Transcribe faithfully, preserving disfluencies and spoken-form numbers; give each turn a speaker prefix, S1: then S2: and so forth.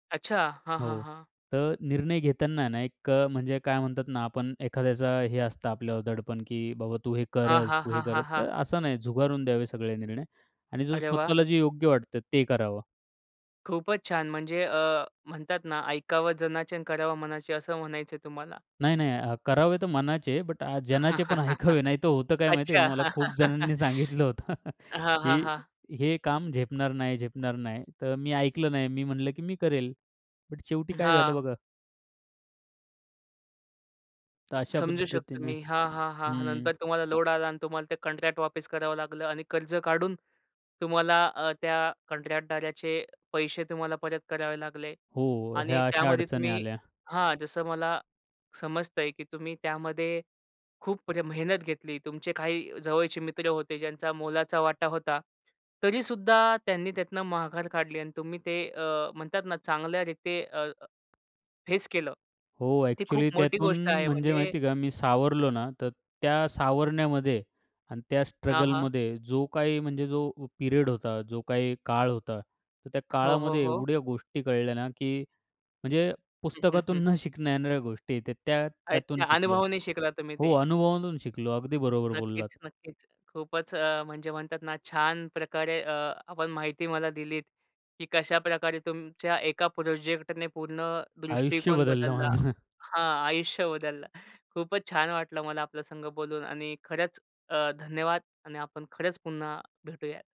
S1: अच्छा. हां, हां,
S2: हो.
S1: हां.
S2: तर निर्णय घेताना ना, एक अ, म्हणजे काय म्हणतात ना आपण एखाद्याचा हे असतं आपल्यावर दडपण. की "बाबा तू हे
S1: हां,
S2: कर,
S1: हां,
S2: तू हे
S1: हां,
S2: कर."
S1: हां,
S2: तर
S1: हां.
S2: असं नाही. झुगारून द्यावे सगळे निर्णय. आणि
S1: अरे वाह!
S2: स्वतःला जे योग्य वाटतं ते करावं.
S1: खूपच छान. म्हणजे अ, म्हणतात ना "ऐकावं जनाचे आणि करावं मनाचे" असं म्हणायचंय तुम्हाला.
S2: नाही, नाही. करावे तर मनाचे बट जनाचे पण ऐकावे. नाहीतर होतं काय माहिती आहे
S1: अच्छा.
S2: का मला खूप जणांनी सांगितलं होतं
S1: हां, हां,
S2: की
S1: हां.
S2: हे काम झेपणार नाही, झेपणार नाही. तर मी ऐकलं नाही. मी म्हंटलं की मी करेल, पण शेवटी काय झालं
S1: हां.
S2: बघा तर अशा
S1: समजू शकतो
S2: पद्धतीने
S1: मी हां, हां, हां.
S2: हं.
S1: नंतर तुम्हाला लोड आलं आणि तुम्हाला ते कॉन्ट्रॅक्ट वापस करावं लागलं. आणि कर्ज काढून तुम्हाला अ, त्या कॉन्ट्रॅक्टदाराचे पैसे तुम्हाला परत करावे लागले.
S2: हो.
S1: आणि
S2: ह्या अशा
S1: त्यामध्ये
S2: अडचणी
S1: तुम्ही
S2: आल्या.
S1: हां, जसं मला समजतंय की तुम्ही त्यामध्ये खूप प्र मेहनत घेतली. तुमचे काही जवळचे मित्र होते. ज्यांचा मोलाचा वाटा होता. तरी सुद्धा त्यांनी त्यातनं मघार काढली. आणि तुम्ही ते अ, म्हणतात ना, चांगल्या रीती अ, फेस केलं.
S2: हो.
S1: ती
S2: ॲक्चुअली
S1: खूप मोठी
S2: त्यातून
S1: गोष्ट आहे,
S2: म्हणजे
S1: म्हणजे
S2: माहिती आहे का मी सावरलो ना तर त्या सावरण्यामध्ये आणि त्या
S1: हां, हां.
S2: स्ट्रगलमध्ये जो काही म्हणजे जो पिरियड होता जो काही काळ होता. तर त्या
S1: हो, हो,
S2: काळामध्ये
S1: हो.
S2: एवढ्या गोष्टी कळल्या ना, की म्हणजे
S1: हं, हं, हं.
S2: पुस्तकातून न शिकणं येणाऱ्या गोष्टी त्या त्या त्यातून
S1: अच्छा.
S2: शिकलो
S1: अनुभवाने शिकला तुम्ही
S2: हो,
S1: ते.
S2: अनुभवांतून शिकलो. अगदी बरोबर
S1: नक्कीच,
S2: बोललात.
S1: नक्कीच. खूपच अ, म्हणजे म्हणतात ना छान प्रकारे अ, आपण माहिती मला दिलीत की कशाप्रकारे तुमच्या एका प्रोजेक्टने पूर्ण
S2: आयुष्य
S1: दृष्टिकोन
S2: बदललं
S1: बदलला
S2: माझं.
S1: हां, आयुष्य बदललं. खूपच छान वाटलं मला आपल्यासंग बोलून. आणि खरंच धन्यवाद आणि आपण खरंच पुन्हा भेटूया.